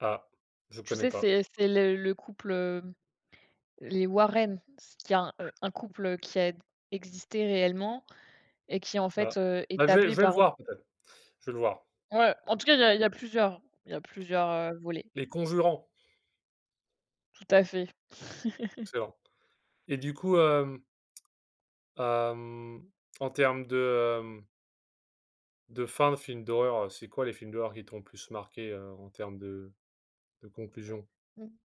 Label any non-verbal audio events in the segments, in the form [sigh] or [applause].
Ah, je Tu connais sais, pas. c'est c'est le le couple, hem, les Warren, parce qu'il y a un couple, heu, qui a d existé réellement et qui en Ah. fait, heu, Bah est je vais je appelé vais le par voir peut-être. Je vais le voir. Ouais, en tout cas, il y a il y a plusieurs il y a plusieurs, heu, volets. Les conjurants. Tout à fait. [chuckles] Excellent et du coup, hem hem, en termes de, hem de fin de film d'horreur, heu, c'est quoi les films d'horreur qui t'ont plus marqué, heu, en termes de de conclusion? Mmh. [blows air]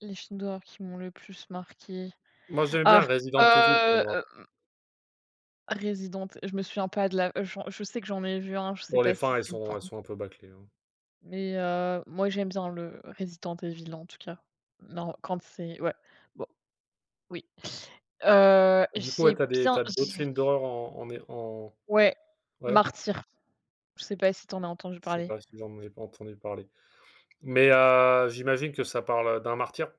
Les films d'horreur qui m'ont le plus marqué. Moi, j'aime Ah, bien Resident Evil heu, [unintelligible] hem Resident, je me souviens pas de la je je sais que j'en ai vu un, je sais Pour les pas si fins elles c'est le sont elles 1er sont un peu bâclées, hein. mais, heu, moi, j'aime bien le Resident Evil, en tout cas. Non, quand c'est ouais, bon, oui. Heu, Du coup, ouais, j'ai tu as des bien tu as d'autres j'ai films d'horreur en en é en Ouais, ouais. Martyr. Je sais pas si tu en as entendu Je sais parler? pas si j'en ai pas entendu parler. Mais, [unintelligible] heu, j'imagine que ça parle, heu, d'un martyr?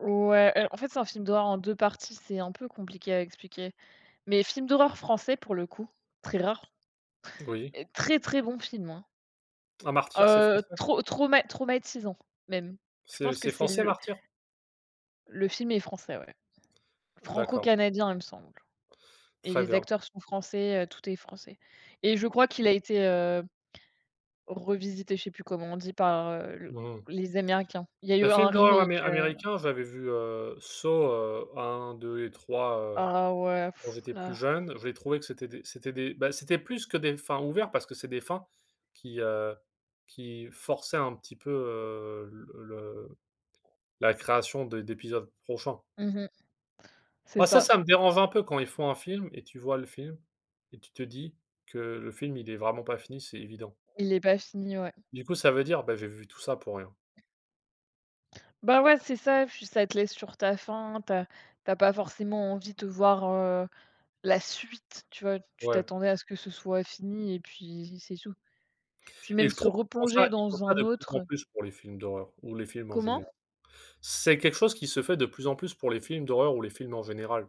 Ouais en fait, c'est un film d'horreur en 2 parties, c'est un peu compliqué à expliquer. Mais film d'horreur français pour le coup, très rare Oui. heu, très, très bon film, hein. Ah Martyr, c'est Heu, français? trauma trauma traumatisant même. Je C'est pense que c'est c'est français le Martyr? Le film est français, ouais. D'accord. Franco-canadien, il me semble et Très les bien. acteurs sont français, heu, tout est français et je crois qu'il a été, heu, revisité, je sais plus comment on dit par, heu, Mmh. les Américains. Il y a Le eu un film d'horreur am remake, heu américain j'avais vu, heu, Saw, heu 1, 2 et 3 heu, Ah ouais quand [blows air] j'étais plus là. jeune, j'ai trouvé que c'était des c'était des ben c'était plus que des fins ouverts, parce que c'est des fins qui, heu, qui forçaient un petit peu, heu, le le la création de d'épisodes prochains. Mmh mh. C'est Bah ça, ça. ça me dérange un peu quand ils font un film et tu vois le film et tu te dis que le film, il est vraiment pas fini, c'est évident. Il est pas fini, ouais. Du coup, ça veut dire: «Bah j'ai vu tout ça pour rien». Bah ouais, c'est ça, puis ça te laisse sur ta faim, tu as tu as pas forcément envie de voir, heu, la suite, tu vois, tu Ouais. t'attendais à ce que ce soit fini et puis c'est tout. Puis Et même je se trouve, ils font ça replonger ils font dans ça un de plus autre, en heu plus pour les films d'horreur ou les films en Comment? général. C'est quelque chose qui se fait de plus en plus, pour les films d'horreur ou les films en général.